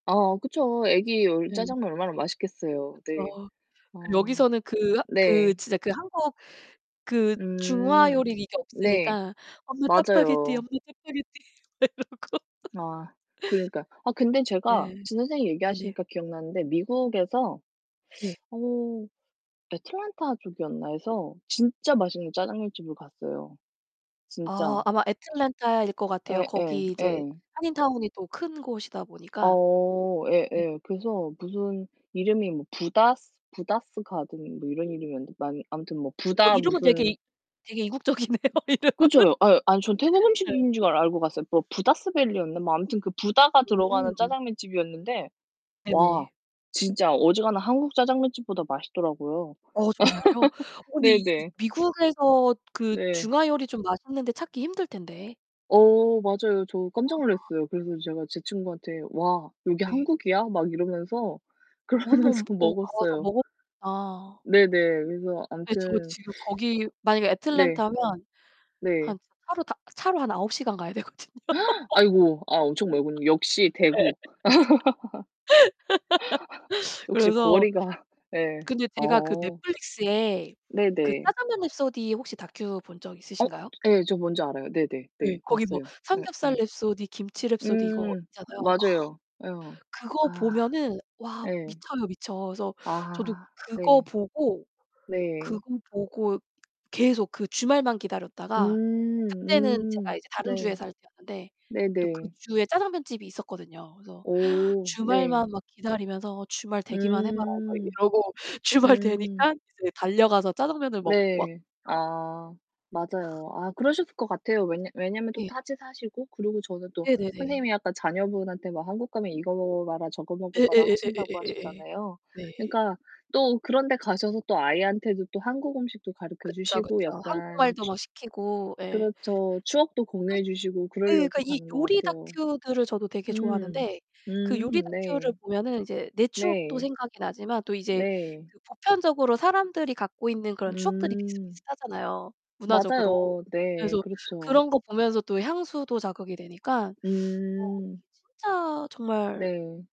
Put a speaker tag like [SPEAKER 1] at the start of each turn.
[SPEAKER 1] 아 그쵸. 아기 얼
[SPEAKER 2] 네.
[SPEAKER 1] 짜장면 얼마나 맛있겠어요. 네.
[SPEAKER 2] 그쵸. 그
[SPEAKER 1] 아.
[SPEAKER 2] 여기서는 그 하 그
[SPEAKER 1] 네.
[SPEAKER 2] 진짜 그 한국 그
[SPEAKER 1] 음.
[SPEAKER 2] 중화요리 이게
[SPEAKER 1] 네.
[SPEAKER 2] 없으니까 "엄마, 짜파게티,
[SPEAKER 1] 맞아요.
[SPEAKER 2] 엄마, 짜파게티." 막 이러고
[SPEAKER 1] 아. 그러니까요. 아 근데 제가
[SPEAKER 2] 네.
[SPEAKER 1] 지금 선생님이
[SPEAKER 2] 네네.
[SPEAKER 1] 얘기하시니까 기억나는데 미국에서
[SPEAKER 2] 네.
[SPEAKER 1] 어 애틀랜타 쪽이었나에서 진짜
[SPEAKER 2] 네네.
[SPEAKER 1] 맛있는 짜장면 집을 갔어요,
[SPEAKER 2] 아.
[SPEAKER 1] 진짜.
[SPEAKER 2] 아마 애틀란타일 것 같아요.
[SPEAKER 1] 예
[SPEAKER 2] 거기
[SPEAKER 1] 예.
[SPEAKER 2] 이제
[SPEAKER 1] 예.
[SPEAKER 2] 한인 타운이 또 큰 곳이다 보니까.
[SPEAKER 1] 어
[SPEAKER 2] 네.
[SPEAKER 1] 예예. 그래서 무슨 이름이 뭐 부다스 부다스 가든 뭐 이런 이름이었는데 맞 아무튼 뭐
[SPEAKER 2] 어
[SPEAKER 1] 부다
[SPEAKER 2] 이름은 되게
[SPEAKER 1] 무슨
[SPEAKER 2] 이 되게 이국적이네요, 이름은.
[SPEAKER 1] 그쵸. 요 아유 아 전 태국
[SPEAKER 2] 네.
[SPEAKER 1] 음식점인 줄 알 알고 갔어요. 뭐 부다스 밸리였나? 뭐 아무튼 부다가 들어가는
[SPEAKER 2] 음.
[SPEAKER 1] 짜장면 집이었는데 와
[SPEAKER 2] 네네.
[SPEAKER 1] 진짜 어지간한 한국 짜장면 집보다 맛있더라고요.
[SPEAKER 2] 어 정말요? 어 근데 이
[SPEAKER 1] 네네.
[SPEAKER 2] 미국에서 그
[SPEAKER 1] 네.
[SPEAKER 2] 중화 요리 좀 맛있는 데 찾기 힘들 텐데
[SPEAKER 1] 어. 맞아요. 저 깜짝
[SPEAKER 2] 아.
[SPEAKER 1] 놀랐어요. 그래서 제가 제 친구한테 "와, 여기
[SPEAKER 2] 네.
[SPEAKER 1] 한국이야?" 막 이러면서
[SPEAKER 2] 어
[SPEAKER 1] 그러면서
[SPEAKER 2] 한번 어 가 봐서
[SPEAKER 1] 먹었어요.
[SPEAKER 2] 먹어 아.
[SPEAKER 1] 네네. 그래서
[SPEAKER 2] 예. 저
[SPEAKER 1] 아무튼
[SPEAKER 2] 지금 거기 만약에
[SPEAKER 1] 네.
[SPEAKER 2] 애틀랜타면
[SPEAKER 1] 네.
[SPEAKER 2] 한 차 차로 다 차로 한 9 시간 가야 되거든요.
[SPEAKER 1] 아이고. 아 엄청 멀군요, 역시
[SPEAKER 2] 예.
[SPEAKER 1] 대국. 역시
[SPEAKER 2] 그래서
[SPEAKER 1] 거리가 예.
[SPEAKER 2] 근데 제가 그
[SPEAKER 1] 어.
[SPEAKER 2] Netflix에 그
[SPEAKER 1] 네네.
[SPEAKER 2] 짜장면 랩소디 혹시 다큐 본 적
[SPEAKER 1] 어.
[SPEAKER 2] 있으신가요?
[SPEAKER 1] 예. 저 뭔지 알아요. 네네
[SPEAKER 2] 예.
[SPEAKER 1] 네.
[SPEAKER 2] 거기 뭐
[SPEAKER 1] 봤어요. 예. 예.
[SPEAKER 2] 삼겹살 랩소디, 김치 랩소디 이거
[SPEAKER 1] 음.
[SPEAKER 2] 있잖아요. 아.
[SPEAKER 1] 맞아요. 어.
[SPEAKER 2] 그거
[SPEAKER 1] 아
[SPEAKER 2] 보면은 와
[SPEAKER 1] 예.
[SPEAKER 2] 미쳐요, 미쳐. 그래서 저도
[SPEAKER 1] 아.
[SPEAKER 2] 그거
[SPEAKER 1] 네.
[SPEAKER 2] 보고 그거
[SPEAKER 1] 네.
[SPEAKER 2] 보고 계속 그 주말만 기다렸다가 그때는
[SPEAKER 1] 음
[SPEAKER 2] 제가
[SPEAKER 1] 음.
[SPEAKER 2] 이제 다른 주에
[SPEAKER 1] 네.
[SPEAKER 2] 살 때였는데 또 그
[SPEAKER 1] 네네.
[SPEAKER 2] 주에 짜장면 집이 있었거든요. 그래서
[SPEAKER 1] 오.
[SPEAKER 2] 주말만
[SPEAKER 1] 네.
[SPEAKER 2] 막 기다리면서 '주말 되기만 해 봐라.' 막
[SPEAKER 1] 음.
[SPEAKER 2] 이러고 주말
[SPEAKER 1] 음.
[SPEAKER 2] 되니깐 이제 달려가서 짜장면을 먹고 왔죠.
[SPEAKER 1] 네. 아. 맞아요. 아 그러셨을 것 같아요. 왜냐 왜냐하면 또
[SPEAKER 2] 예.
[SPEAKER 1] 타지 사시고 그리고 저는 또
[SPEAKER 2] 네네네.
[SPEAKER 1] 선생님이 약간 자녀분한테 막 한국 가면 "이거 먹어 봐라, 저거 먹어 봐라." 하신다고
[SPEAKER 2] 예예예예예예예예.
[SPEAKER 1] 하셨잖아요.
[SPEAKER 2] 네.
[SPEAKER 1] 그니까 또 그런 데 가셔서 또 아이한테도 또 한국 음식도 가르쳐
[SPEAKER 2] 그쵸, 그쵸.
[SPEAKER 1] 주시고 약간
[SPEAKER 2] 한국말도
[SPEAKER 1] 취
[SPEAKER 2] 막 시키고 예.
[SPEAKER 1] 그렇죠. 추억도
[SPEAKER 2] [unintelligible]
[SPEAKER 1] 공유해 주시고
[SPEAKER 2] 예. 그러니까
[SPEAKER 1] 그럴려고
[SPEAKER 2] 이
[SPEAKER 1] 가는 것
[SPEAKER 2] 요리
[SPEAKER 1] 같아요.
[SPEAKER 2] 다큐들을 저도 되게
[SPEAKER 1] 음.
[SPEAKER 2] 좋아하는데 그 요리
[SPEAKER 1] 음 네.
[SPEAKER 2] 다큐를 보면은 이제 내 추억도
[SPEAKER 1] 네. 네.
[SPEAKER 2] 생각이 나지만 또 이제
[SPEAKER 1] 네.
[SPEAKER 2] 그 보편적으로 사람들이 갖고 있는 그런 추억들이
[SPEAKER 1] 음.
[SPEAKER 2] 비슷비슷하잖아요, 문화적으로.
[SPEAKER 1] 맞아요. 네.
[SPEAKER 2] 그래서
[SPEAKER 1] 그렇죠.
[SPEAKER 2] 그런 거 보면서 또 향수도 자극이 되니까 뭐
[SPEAKER 1] 음.
[SPEAKER 2] 이게 진짜 정말
[SPEAKER 1] 네.